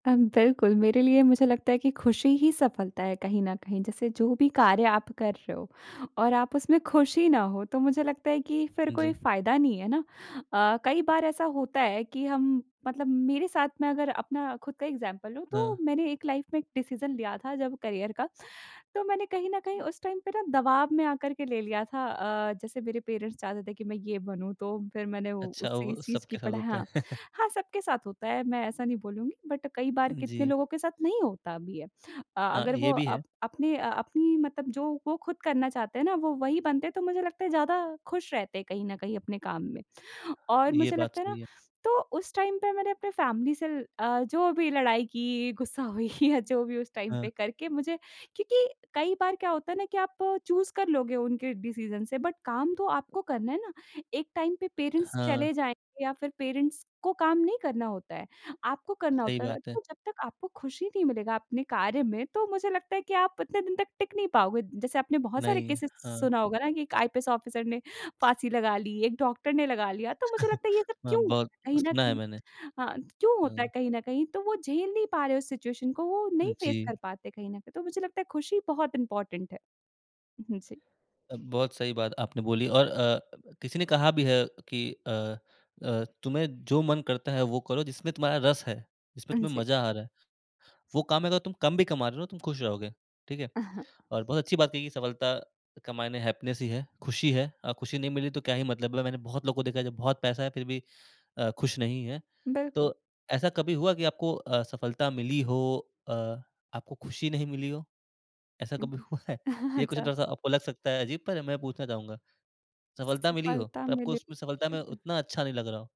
अम, बिल्कुल मेरे लिए मुझे लगता है कि ख़ुशी ही सफलता है कहीं न कहीं जैसे जो भी कार्य आप कर रहे हो और आप उसमें ख़ुश ही ना हो, तो मुझे लगता है कि फिर कोई जी। फ़ायदा नहीं है ना। अ, कई बार ऐसा होता है कि हम मतलब मेरे साथ में अगर अपना खुद का एग्ज़ाम्पल लूँ, तो हाँ। मैंने एक लाइफ़ में एक डिसीजन लिया था जब करियर का, तो मैंने कहीं न कहीं उस टाइम पे ना दबाव में आकर के ले लिया था। अ, जैसे मेरे पेरेंट्स चाहते थे कि मैं ये बनूँ, तो फिर मैंने उ अच्छा, उस सी वो चीज़ की सबके साथ पढ़ा होता हाँ, है। हाँ सबके साथ होता है, मैं ऐसा नहीं बोलूँगी बट कई बार कितने जी। लोगों के साथ नहीं होता भी है। अ, हाँ, अगर वो ये भी है। अप अपने अ, अपनी मतलब जो वो खुद करना चाहते हैं ना, वो वही बनते हैं, तो मुझे लगता है ज़्यादा ख़ुश रहते हैं कहीं न कहीं अपने काम में। और ये मुझे बात लगता है तो ना सही है। तो उस टाइम पे मैंने अपने फैमिली से ल अ, जो भी लड़ाई की, गुस्सा हुई या जो भी उस टाइम पे हाँ। करके मुझे क्योंकि कई बार क्या होता है ना कि आप चूज़ कर लोगे उनके डिसीजन से बट काम तो आपको करना है ना। एक टाइम पे पेरेंट्स चले हाँ। जाएँगे या फिर पेरेंट्स को काम नहीं करना होता है। आपको करना सही होता है र बात है। जब तक आपको खुशी नहीं मिलेगा अपने कार्य में, तो मुझे लगता है कि आप इतने दिन तक टिक नहीं पाओगे। जैसे आपने बहुत सारे नहीं, केसेज़ हाँ। सुना होगा ना, कि एक आईपीएस ऑफ़िसर ने फ़ाँसी लगा ली, एक डॉक्टर ने लगा लिया, तो मुझे लगता है ये सब हाँ, क्यों? बहुत कहीं न सुना है कहीं मैंने। हाँ, क्यों होता है हुँ। कहीं न कहीं तो वो झेल नहीं पा रहे उस सिचुएशन को वो अ, नहीं फेस जी। कर पाते कहीं न कहीं, तो मुझे लगता है खुशी बहुत इम्पॉर्टैंट है। हुँ, हुँ, जी। अ, बहुत सही बात आपने बोली और अ, किसी ने कहा भी है कि अ अ, तुम्हें जो मन करता है वो करो जिसमे तुम्हारा रस है, जिसमे हाँ तुम्हें जी। मज़ा आ रहा है। वो काम में अगर तुम कम भी कमा रहे हो ना, तुम ख़ुश रहोगे, ठीक है? और बहुत अच्छी बात की सफलता का मायने हैप्पीनेस ही है, ख़ुशी है। अ, खुशी नहीं मिली तो क्या ही मतलब ल मैंने बहुत लोगों को देखा है जो बहुत पैसा है फिर भी अ, ख़ुश नहीं है। तो बिल्कुल। ऐसा कभी हुआ कि आपको अ, सफलता मिली हो अ, आपको ख़ुशी नहीं मिली हो? ऐसा उ, कभी हुँ। हुआ है? ये क्वेस्चन अच्छा। थोड़ा-सा आपको लग सकता है अज़ीब पर मैं पूछना चाहूँगा। सफलता मिली हो सफलता पर आपको मिले उसमें सफलता में [unintelligible] उतना अच्छा नहीं लग रहा हो?